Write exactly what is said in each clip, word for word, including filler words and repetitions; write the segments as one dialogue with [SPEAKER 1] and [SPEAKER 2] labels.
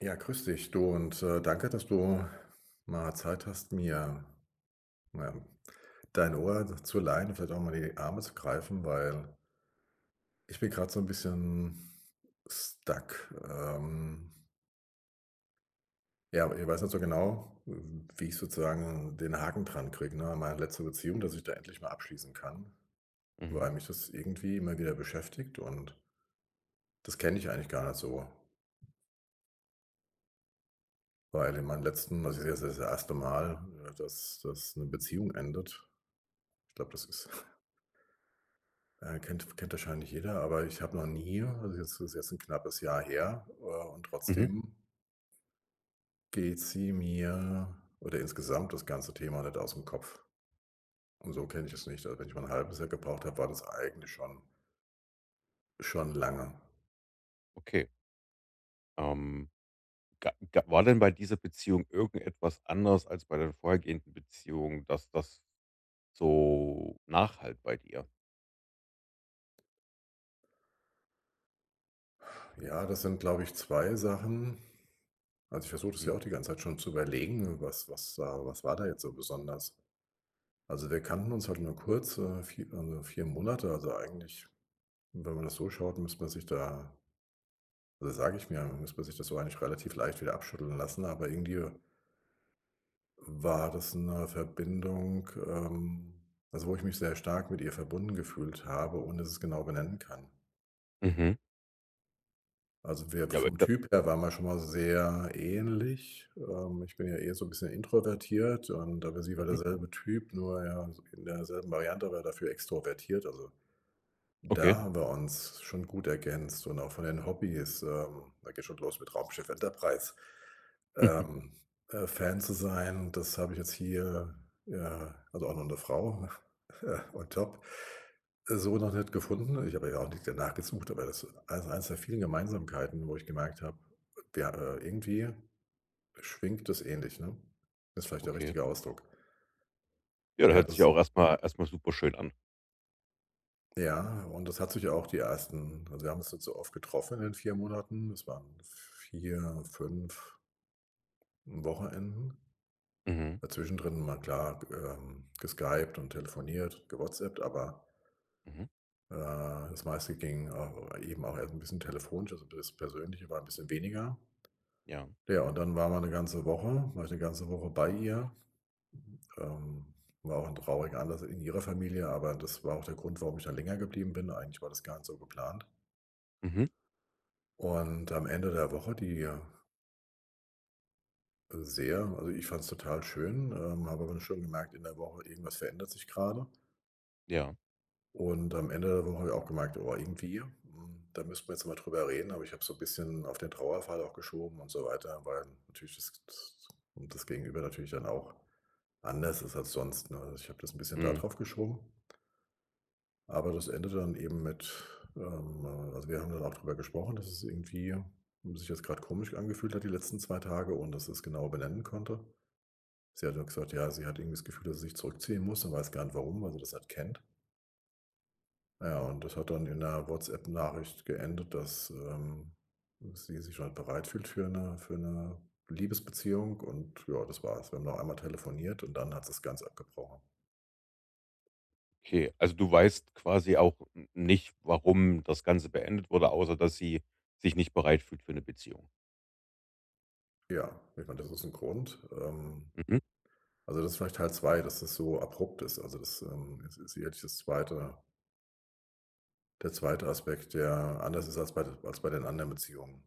[SPEAKER 1] Ja. Grüß dich, du und, äh, danke, dass du mal Zeit hast, mir, ja, dein Ohr zu leihen, vielleicht auch unter mal die Arme zu greifen, weil ich bin grade so 'n bisschen stuck, ähm ja, ich weiß nicht so genau, w wie ich sozusagen den Haken dran kriege, ne? Meine letzte Beziehung, dass ich da endlich mal abschließen kann,
[SPEAKER 2] Mhm.
[SPEAKER 1] weil mich das irgendwie immer wieder beschäftigt und das kenne ich eigentlich gar nicht so. Weil in meinem letzten das ist jetzt das erste Mal, dass dass 'ne Beziehung endet. Ich glaube, das ist äh, kennt kennt wahrscheinlich jeder, aber ich habe noch nie also, es ist jetzt 'n knappes Jahr her, äh, und
[SPEAKER 2] Mhm.
[SPEAKER 1] trotzdem geht sie mir oder insgesamt das ganze Thema nicht ausm Kopf. Und so kenne ich es nicht, also, wenn ich mal 'n halbes Jahr gebraucht habe, war das eigentlich schon schon lange.
[SPEAKER 2] Okay. Ähm. Ga ga war denn bei dieser Beziehung irgendetwas anders als bei den vorhergehenden Beziehung, dass das so nachhallt bei dir?
[SPEAKER 1] Ja, das sind, glaube ich, zwei Sachen. Also, ich versuche das ja
[SPEAKER 2] Hm.
[SPEAKER 1] auch die ganze Zeit schon zu überlegen. Was was war was war da jetzt so besonders? Also, wir kannten uns halt nur kurz, äh, vier also vier Monate. Also eigentlich, wenn man das so schaut, müsste man sich da sage ich mir, muss man sich das so eigentlich relativ leicht wieder abschütteln lassen, aber irgendwie war das 'ne Verbindung, ähm also wo ich mich sehr stark mit ihr verbunden gefühlt habe ohne dass ich es genau benennen kann.
[SPEAKER 2] Mhm.
[SPEAKER 1] Also wir
[SPEAKER 2] Ja, aber ich
[SPEAKER 1] vom
[SPEAKER 2] glaube
[SPEAKER 1] Typ her waren wir schon mal sehr ähnlich. Ähm, ich bin ja eher so 'n bisschen introvertiert und aber sie war
[SPEAKER 2] Mhm.
[SPEAKER 1] derselbe Typ. Nur, ja, in derselben Variante, aber dafür extrovertiert. Also,
[SPEAKER 2] Okay.
[SPEAKER 1] da haben wir uns schon gut ergänzt und auch von den Hobbys. Ähm, da geht schon los mit „Raumschiff Enterprise“, ähm, äh, Fan zu sein und das habe ich jetzt hier, ja also, auch noch 'ne Frau, äh, on Top, so noch nicht gefunden. Ich habe ja auch nicht danach gesucht, aber das ist ei eines der vielen Gemeinsamkeiten, wo ich gemerkt habe: „Ja, äh, irgendwie schwingt das ähnlich“, ne, ist vielleicht der
[SPEAKER 2] Okay.
[SPEAKER 1] richtige Ausdruck.
[SPEAKER 2] Ja, da
[SPEAKER 1] Ja,
[SPEAKER 2] hört sich ja
[SPEAKER 1] das
[SPEAKER 2] auch erstmal erstmal super schön an.
[SPEAKER 1] Ja, und das hat sich auch die ersten also wir haben uns nicht so oft getroffen in den vier Monaten. Es waren vier, fünf Wochenenden.
[SPEAKER 2] Mhm.
[SPEAKER 1] Da zwischendrin mal klar ge ähm, geskypt und telefoniert, gewhatsappt, aber
[SPEAKER 2] Mhm.
[SPEAKER 1] äh, das meiste ging, äh, au eben auch erst 'n bisschen telefonisch, also das Persönliche war 'n bisschen weniger.
[SPEAKER 2] Ja.
[SPEAKER 1] Ja und dann waren wir 'ne ganze Woche war ich 'ne ganze Woche bei ihr. Ähm, war auch 'n trauriger Anlass in ihrer Familie. Aber das war auch der Grund, warum ich da länger geblieben bin. Eigentlich war das gar nicht so geplant.
[SPEAKER 2] Mhm.
[SPEAKER 1] Und am Ende der Woche die, äh sehr also, ich fand's total schön, ähm, habe aber schon gemerkt, in der Woche, irgendwas verändert sich grade.
[SPEAKER 2] Ja.
[SPEAKER 1] Und am Ende der Woche habe ich auch gemerkt: „Boah, irgendwie, hm, da müssen wir jetzt mal drüber reden.“ Aber ich habe so bisschen auf den Trauerfall auch geschoben und so weiter, weil natürlich das s das Gegenüber natürlich dann auch anders ist als sonst, ne? Also, ich habe das 'n bisschen da
[SPEAKER 2] Mhm.
[SPEAKER 1] drauf geschoben. Aber das endete dann eben mit, ähm, äh also wir haben dann auch drüber gesprochen, dass es irgendwie sich jetzt grad komisch angefühlt hat die letzten zwei Tage, ohne dass sie es genau benennen konnte. Sie hat nur gesagt: „Ja, sie hat irgendwie das Gefühl, dass sie sich zurückziehen muss und weiß gar nicht warum, weil sie das nicht kennt.“ Ja, und das hat dann in 'ner WhatsApp-Nachricht geendet, dass, ähm, sie sich halt bereit fühlt für 'ne für 'ne Liebesbeziehung. Und ja, das war es. Wir haben noch einmal telefoniert, und dann hat sie es ganz abgebrochen.
[SPEAKER 2] Okay. Also, du weißt quasi auch n nicht, warum das Ganze beendet wurde, außer dass sie sich nicht bereit fühlt für 'ne Beziehung.
[SPEAKER 1] Ja, ich meine, das ist 'n Grund. Ähm,
[SPEAKER 2] Mhm.
[SPEAKER 1] also, das vielleicht Teil zwei, dass das so abrupt ist. Also, das, ähm, s sie hätte ich das zweite Der zweite Aspekt, der anders ist als bei d als bei den anderen Beziehungen.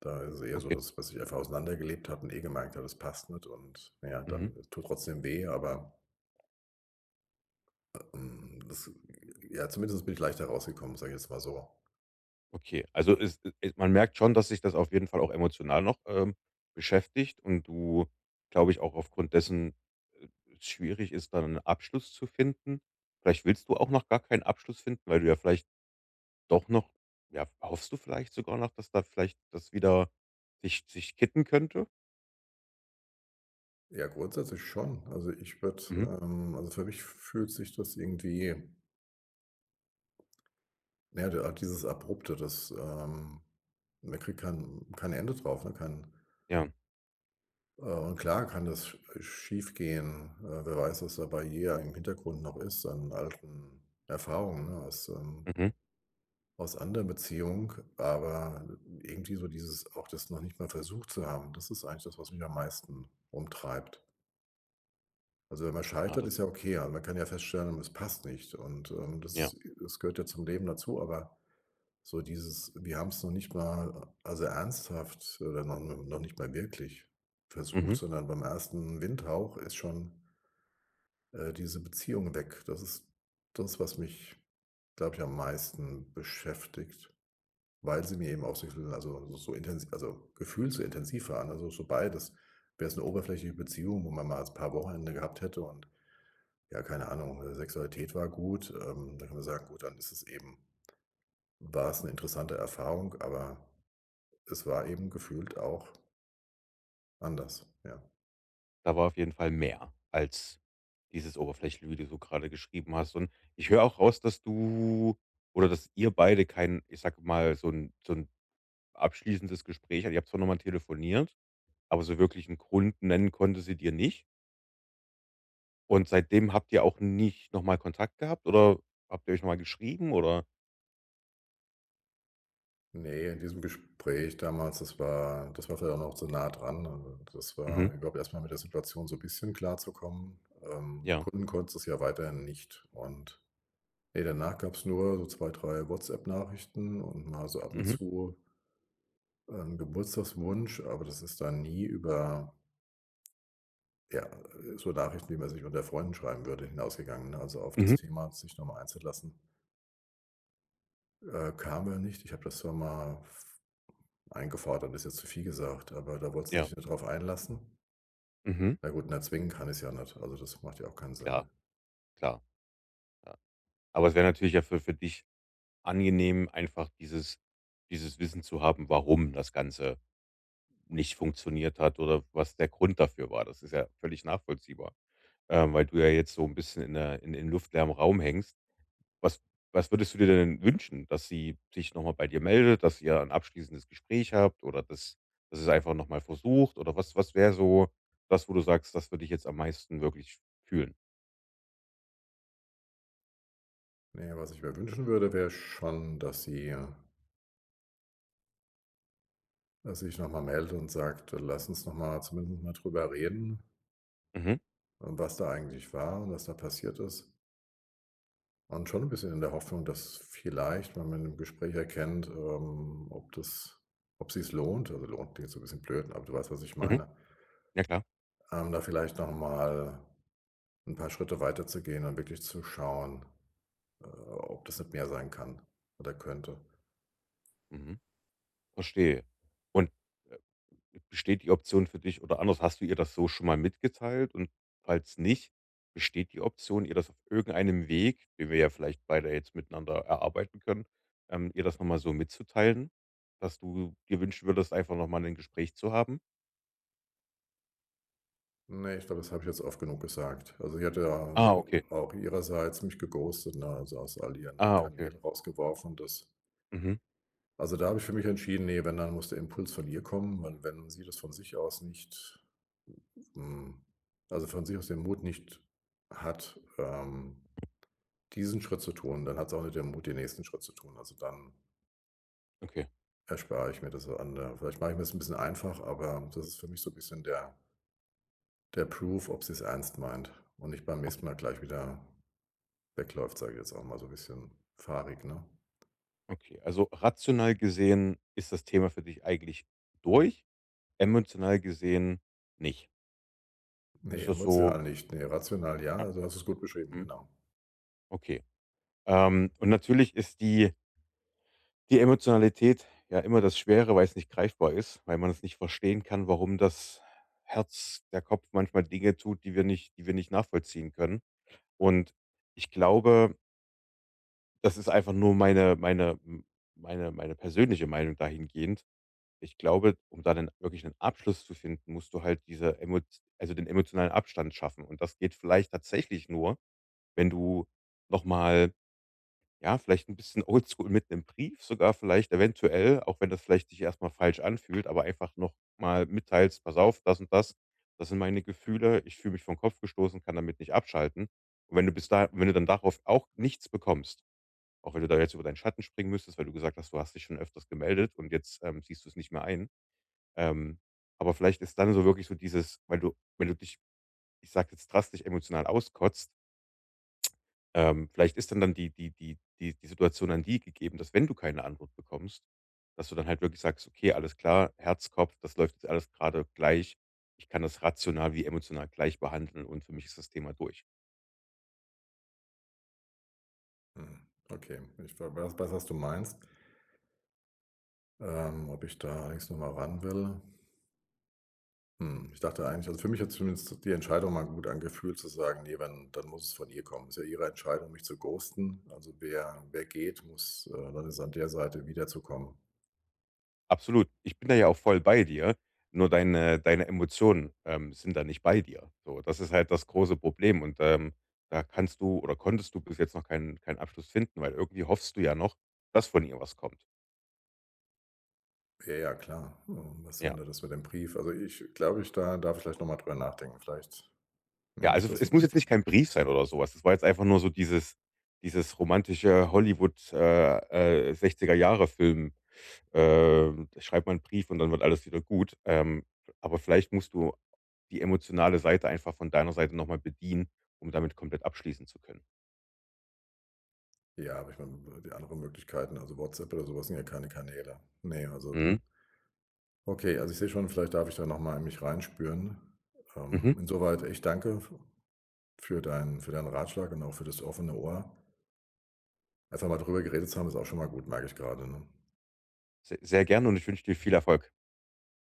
[SPEAKER 1] Da ist es eher so,
[SPEAKER 2] Okay.
[SPEAKER 1] dass man sich einfach auseinandergelebt hat und eh gemerkt hat, das passt nicht. Und, na ja,
[SPEAKER 2] Mhm.
[SPEAKER 1] dann tut trotzdem weh, aber äh, ähm, das, äh, ja zumindest bin ich leichter rausgekommen, sage ich jetzt mal so.
[SPEAKER 2] Okay, also es, i äh, man merkt schon, dass dich das auf jeden Fall auch emotional noch, ähm, beschäftigt. Und du, glaube ich auch, aufgrund dessen äh, äh, schwierig ist, da 'nen Abschluss zu finden? Vielleicht willst du auch noch gar keinen Abschluss finden? Weil du ja vielleicht doch noch ja, hoffst du vielleicht sogar noch, dass da vielleicht das wieder sich sich kippen könnte?
[SPEAKER 1] Ja, grundsätzlich schon. Also, ich würde,
[SPEAKER 2] Mhm.
[SPEAKER 1] ähm also, für mich f fühlt sich das irgendwie Ja, da, ah dieses abrupte, das, ähm man kriegt kein kein Ende drauf, ne, kein
[SPEAKER 2] Ja.
[SPEAKER 1] Äh, und klar kann das, äh, schiefgehen. Äh, wer weiß, was da bei ihr im Hintergrund noch ist an alten Erfahrungen, ne, aus, ähm
[SPEAKER 2] Mhm.
[SPEAKER 1] aus anderen Beziehung. Aber irgendwie so dieses auch das noch nicht mal versucht zu haben, das ist eigentlich das, was mich am meisten rumtreibt. Also, wenn man
[SPEAKER 2] Na,
[SPEAKER 1] scheitert,
[SPEAKER 2] das
[SPEAKER 1] ist ja okay. Aber man kann ja feststellen, es passt nicht. Und, ähm,
[SPEAKER 2] Ja.
[SPEAKER 1] das es das gehört ja zum Leben dazu. Aber so dieses, wir haben's noch nicht mal a also ernsthaft, äh, wenn man noch nicht mal wirklich versucht,
[SPEAKER 2] Mhm.
[SPEAKER 1] sondern beim ersten Windhauch ist schon äh, diese Beziehung weg. Das ist das, was mich, glaube ich, am meisten beschäftigt. Weil sie mir eben auch sexuell, also, so intens also gefühlt so intensiv waren, also so beides. Wäre es 'ne oberflächliche Beziehung, wo man mal als Paar Wochenende gehabt hätte und, ja, keine Ahnung, Sexualität war gut. Ähm, da kann man sagen gut, dann ist es eben war es 'ne interessante Erfahrung, aber es war eben gefühlt auch anders, ja.
[SPEAKER 2] Da war auf jeden Fall mehr als dieses oberflächliche, wie du so grade geschrieben hast. Und ich höre auch raus, dass du oder dass ihr beide kein, ich sage mal so 'n so 'n abschließendes Gespräch ihr habt zwar noch mal telefoniert, aber so wirklich 'n Grund nennen konnte sie dir nicht. Und seitdem habt ihr auch nicht noch mal Kontakt gehabt, oder habt ihr euch noch mal geschrieben, oder
[SPEAKER 1] Ne, in diesem Gespräch damals das war das war vielleicht auch noch so nah dran. Un un und das war
[SPEAKER 2] Mhm.
[SPEAKER 1] überhaupt erstmal mit der Situation so bisschen klarzukommen. Ähm,
[SPEAKER 2] Ja.
[SPEAKER 1] begründen konnte sie es ja weiterhin nicht und, ne, danach gab's nur so zwei, drei WhatsApp-Nachrichten und mal so ab und
[SPEAKER 2] Mhm.
[SPEAKER 1] zu ähm, 'n Geburtstagswunsch, aber das ist dann nie über ja, äh, so Nachrichten, die man sich unter Freunden schreiben würde, hinausgegangen, ne, also auf das
[SPEAKER 2] Mhm.
[SPEAKER 1] Thema, sich noch mal einzulassen äh, kamen wir da nicht. Ich habe das zwar mal f eingefordert ist jetzt zu viel gesagt, aber da wollte sie
[SPEAKER 2] Ja.
[SPEAKER 1] sich nicht darauf einlassen.
[SPEAKER 2] Mhm.
[SPEAKER 1] Na gut, und erzwingen kann ich's ja nicht. Also, das macht ja auch keinen Sinn.
[SPEAKER 2] Klar, klar. Aber es wäre natürlich ja für für dich angenehm, einfach dieses dieses Wissen zu haben, warum das Ganze nicht funktioniert hat, oder was der Grund dafür war. Das ist ja völlig nachvollziehbar. Ähm, weil du ja jetzt so 'n bisschen in der in in luftleeren Raum hängst. Was was würdest du dir denn wünschen, dass sie sich noch mal bei dir meldet, dass ihr 'n abschließendes Gespräch habt, oder dass dass ihr es einfach noch mal versucht, oder was was wäre so das, wo du sagst, das würde ich jetzt am meisten wirklich fühlen?
[SPEAKER 1] Na ja, was ich mir wünschen würde, wäre schon, dass sie, ja dass sie sich noch mal meldet und sagt: „Lass uns noch mal zumindest mal drüber reden
[SPEAKER 2] Mhm.
[SPEAKER 1] und was da eigentlich war und was da passiert ist.“ Und schon 'n bisschen in der Hoffnung, dass vielleicht, wenn man im Gespräch erkennt, ähm, ob das ob sich's lohnt also, lohnt klingt so 'n bisschen blöd, aber du weißt, was ich
[SPEAKER 2] Mhm.
[SPEAKER 1] meine.
[SPEAKER 2] Ja klar.
[SPEAKER 1] Ähm, da vielleicht noch mal 'n paar Schritte weiter zu gehen und wirklich zu schauen, äh, ob das nicht mehr sein kann oder könnte.
[SPEAKER 2] Mhm. Verstehe. Und b besteht die Option für dich oder anders, hast du ihr das so schon mal mitgeteilt? Und falls nicht, besteht die Option, ihr das auf irgendeinem Weg, den wir ja vielleicht beide jetzt miteinander erarbeiten können, ähm, ihr das nochmal so mitzuteilen, dass du dir wünschen würdest, einfach noch mal 'nen Gespräch zu haben?
[SPEAKER 1] Ne, ich glaube, das habe ich jetzt oft genug gesagt. Also, die hatte ja a
[SPEAKER 2] Ah, ok.
[SPEAKER 1] auch ihrerseits mich geghostet, ne, also aus all ihren
[SPEAKER 2] Ah, ok.
[SPEAKER 1] Kanälen rausgeworfen, dass
[SPEAKER 2] Mhm.
[SPEAKER 1] Also, da habe ich für mich entschieden: „Ne, wenn, dann muss der Impuls von ihr kommen. Und wenn sie das von sich aus nicht, hm also von sich aus den Mut nicht hat, ähm, diesen Schritt zu tun, dann hat sie auch nicht den Mut, den nächsten Schritt zu tun. Also dann
[SPEAKER 2] Okay.
[SPEAKER 1] erspare ich mir das an der“ vielleicht mache ich mir es 'n bisschen einfach, aber das ist für mich so bisschen der der Proof, ob sie es ernst meint, und nicht beim nächsten
[SPEAKER 2] Okay.
[SPEAKER 1] Mal gleich wieder wegläuft, sage ich jetzt auch mal so bisschen fahrig, ne?
[SPEAKER 2] Okay, also rational gesehen ist das Thema für dich eigentlich durch, emotional gesehen nicht.
[SPEAKER 1] Ne,
[SPEAKER 2] Ist das so
[SPEAKER 1] emotional nicht. Ne, rational
[SPEAKER 2] Ja.
[SPEAKER 1] ja, du hast es gut beschrieben,
[SPEAKER 2] Mhm.
[SPEAKER 1] genau.
[SPEAKER 2] Okay. Ähm, und natürlich ist die die Emotionalität ja immer das Schwere, weil es nicht greifbar ist, weil man es nicht verstehen kann, warum das Herz der Kopf manchmal Dinge tut, die wir nicht die wir nicht nachvollziehen können. Und ich glaube das ist einfach nur meine meine m meine meine persönliche Meinung dahingehend. Ich glaube, um da 'nen wirklich 'nen Abschluss zu finden, musst du halt diese Emot also den emotionalen Abstand schaffen. Und das geht vielleicht tatsächlich nur, wenn du nochmal, ja, vielleicht 'n bisschen Old School mit 'nem Brief sogar vielleicht eventuell, auch wenn das vielleicht sich erstmal falsch anfühlt, aber einfach noch mal mitteilst: „Pass auf, das und das. Das sind meine Gefühle. Ich fühle mich vor 'n Kopf gestoßen, kann damit nicht abschalten.“ Und wenn du bis da wenn du dann darauf auch nichts bekommst auch wenn du da jetzt über deinen Schatten springen müsstest, weil du gesagt hast, du hast dich schon öfters gemeldet, und jetzt, ähm, siehst du es nicht mehr ein. Ähm, aber vielleicht ist dann so wirklich so dieses weil du wenn du dich ich sage jetzt drastisch emotional auskotzt ähm, vielleicht ist dann dann die die die die die Situation an die gegeben, dass wenn du keine Antwort bekommst, dass du dann halt wirklich sagst: „Okay, alles klar. Herz, Kopf, das läuft jetzt alles grade gleich. Ich kann das rational wie emotional gleich behandeln und für mich ist das Thema durch.“
[SPEAKER 1] Mhm. Okay, ich, we we weiß was du meinst. Ähm, ob ich da allerdings noch mal ran will. Hm, ich dachte eigentlich also, für mich hat's zumindest die Entscheidung mal gut angefühlt zu sagen: „Ne, wenn, dann muss es von ihr kommen.“ Ist ja ihre Entscheidung, mich zu ghosten. Also, wer wer geht, muss, äh dann ist an der Seite wiederzukommen.
[SPEAKER 2] Absolut. Ich bin da ja auch voll bei dir. Nur deine deine Emotionen, ähm, sind da nicht bei dir so, das ist halt das große Problem. Und, ähm, da kannst du oder konntest du bis jetzt noch keinen keinen Abschluss finden. Weil irgendwie hoffst du ja noch, dass von ihr was kommt.
[SPEAKER 1] Ja, ja, klar. Was
[SPEAKER 2] Ja.
[SPEAKER 1] verändert das mit dem Brief? Also, ich glaube ich, da darf ich vielleicht noch mal drüber nachdenken. Vielleicht
[SPEAKER 2] Ja.
[SPEAKER 1] nehme ich
[SPEAKER 2] Also,
[SPEAKER 1] das
[SPEAKER 2] es
[SPEAKER 1] n
[SPEAKER 2] muss jetzt nicht
[SPEAKER 1] n
[SPEAKER 2] kein Brief sein oder so was. Das war jetzt einfach nur so dieses dieses romantische Hollywood äh, äh, sechziger Jahre Film. Ähm, da schreibt man 'n Brief und dann wird alles wieder gut. Ähm, aber vielleicht musst du die emotionale Seite einfach von deiner Seite noch mal bedienen, um damit komplett abschließen zu können.
[SPEAKER 1] Ja, aber ich meine, äh, die anderen Möglichkeiten, also WhatsApp oder sowas sind ja keine Kanäle. Ne, also
[SPEAKER 2] Mhm.
[SPEAKER 1] Okay. Also, ich sehe schon, vielleicht darf ich da nochmal in mich reinspüren.
[SPEAKER 2] Mhm.
[SPEAKER 1] Ähm, insoweit, ich danke f für deinen für deinen Ratschlag und auch für das offene Ohr. Einfach mal drüber geredet zu haben, ist auch schon mal gut, merke ich gerade, ne?
[SPEAKER 2] Se sehr gerne und ich wünsche dir viel Erfolg.